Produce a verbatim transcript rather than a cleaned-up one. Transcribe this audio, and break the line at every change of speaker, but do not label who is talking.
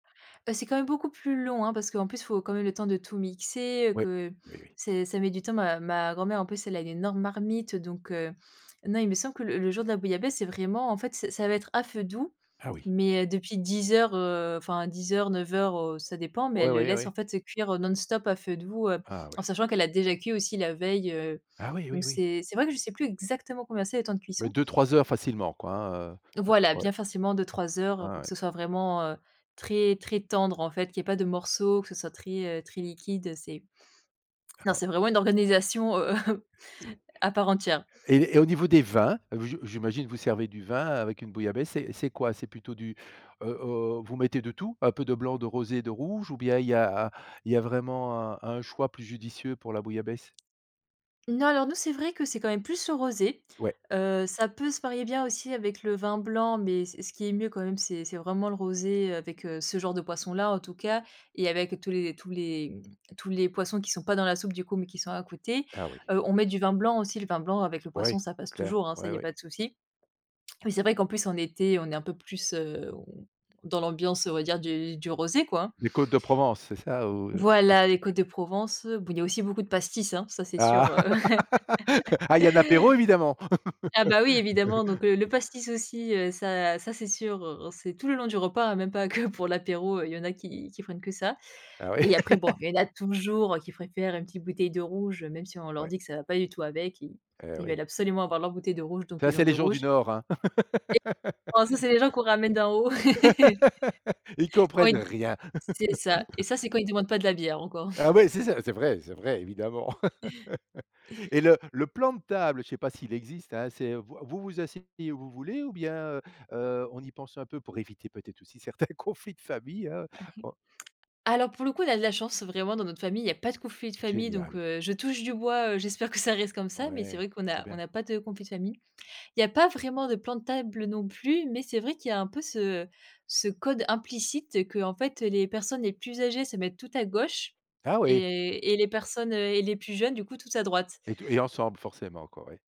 Bah, c'est quand même beaucoup plus long, hein. Parce qu'en plus, il faut quand même le temps de tout mixer, heu,
Ouais.
que
Oui, oui.
c'est ça met du temps, ma ma grand-mère, en plus, elle a une énorme marmite donc heu, non, il me semble que le le jour de la bouillabaisse, c'est vraiment, en fait, c'est ça va être à feu doux
Ah oui?
mais heu, depuis dix heures, heu, enfin, dix heures, neuf heures, heu, ça dépend. Mais
Ouais,
elle le
oui,
laisse,
oui.
en fait, cuire, heu, non-stop à feu doux, heu,
Ah oui.
en sachant qu'elle a déjà cuit aussi la veille, heu.
Ah oui,
Donc
oui, oui.
c'est c'est vrai que je sais plus exactement combien c'est, les temps de
Mais
cuisson.
deux-trois heures facilement, quoi, hein, heu, c'est
Voilà,
la ouais.
bien facilement deux-trois heures
Ah
pour que
ouais.
ce soit vraiment, heu, très, très tendre, en fait, qu'il y ait pas de morceaux, que ce soit très, heu, très liquide, heu, c'est non
Hein.
c'est vraiment une organisation, heu heu, à part entière.
Et et au niveau des vins? Heu, je je j'imagine vous servez du vin avec une bouillabaisse, c'est c'est quoi? C'est plutôt du, heu heu, vous mettez de tout? Un peu de blanc? De rosé? De rouge? Ou bien il y a il y a vraiment un un choix plus judicieux pour la bouillabaisse?
Non, alors nous, c'est vrai que c'est quand même plus le rosé,
Ouais.
heu, ça peut se marier bien aussi avec le vin blanc, mais ce ce qui est mieux quand même, c'est c'est vraiment le rosé, heu, avec ce genre de poisson-là, en tout cas et avec tous les tous les, mmh, tous les poissons qui sont pas dans la soupe, du coup, mais qui sont à côté.
Ah oui.
Heu, on met du vin blanc aussi, le vin blanc avec le
Ouais,
poisson ça passe
clair.
toujours, hein, ça,
Ouais,
il y a
ouais.
pas de souci. Mais c'est vrai qu'en plus, en été, on est un peu plus, heu on dans l'ambiance on va dire du du rosé, quoi.
Les côtes de Provence, c'est ça ou?
Voilà, les
[unintelligible]
Côtes de Provence, bon, il y a aussi beaucoup de pastis, hein, ça, c'est sûr,
Ah!
heu
Ah il y a un apéro évidemment!
Ah bah, oui, évidemment, donc heu, le pastis aussi, heu, ça ça, c'est sûr, heu, c'est tout le long du repas même pas que pour l'apéro, il y en a qui qui prennent que ça
Ah oui.
et après bon, il y en a toujours qui préfèrent une petite bouteille de rouge même si on leur
Ouais.
dit que ça va pas du tout avec, ils
Et
ils veulent
oui.
absolument avoir leur bouteille de rouge, donc
Ça
ils
c'est
ont
les
du
gens du
rouge
nord, hein!
et oh ça, c'est les gens qu'on ramène d'en haut.
Ils
Quand
comprennent
ils
rien!
c'est ça. Et ça, c'est quand ils demandent pas de la bière encore.
Ah oui, c'est ça, c'est vrai, c'est vrai évidemment! Et le le plan de table, je sais pas s'il existe, hein, c'est heu, vous vous asseyez où vous voulez ou bien, heu heu, on y pense un peu? Pour éviter peut-être aussi certains conflits de famille, hein,
A i
oh
alors, pour le coup, on a de la chance, vraiment, dans notre famille, il y a pas de conflits de famille donc
Génial.
heu, je touche du bois, heu, j'espère que ça reste comme ça, mais c'est
Ouais,
vrai qu'on
trop
a on
bien.
n'a pas de conflit de famille. Il y a pas vraiment de plan de table non plus, mais c'est vrai qu'il y a un peu ce ce code implicite qu'en fait les personnes les plus âgées se mettent tout à gauche
Ah oui?
et et les personnes, heu et les plus jeunes, du coup, tout à droite.
Et touj et ensemble forcément, quoi, ouais.